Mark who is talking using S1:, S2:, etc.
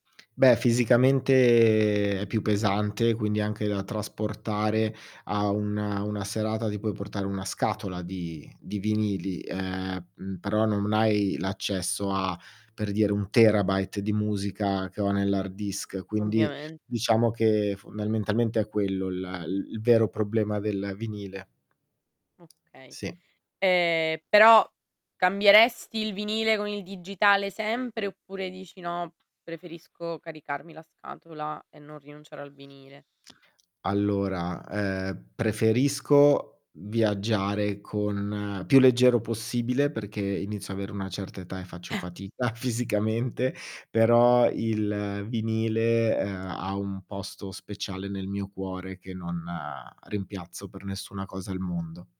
S1: Beh, fisicamente è più pesante, quindi anche da trasportare a una una serata. Ti puoi portare 1 scatola di di vinili, ehm, mhmm, però non m hai l'accesso a per dire 1 terabyte di musica, che ho nell'hard disk, quindi
S2: Ovviamen
S1: diciamo che fondamentalmente è quello la il il vero problema del vinile.
S2: Okay.
S1: Sì.
S2: Ehm, però cambieresti il vinile con il digitale sempre, oppure dici: "No, preferisco caricarmi la scatola e non rinunciare al vinile?"
S1: Allora, ehm, preferisco viaggiare con più leggero possibile, perché inizio a avere una certa età e faccio
S2: [unintelligible]
S1: fatica fisicamente, però il vinile, uhm, ha un posto speciale nel mio cuore, che non, uhm, rimpiazzo per nessuna cosa al mondo.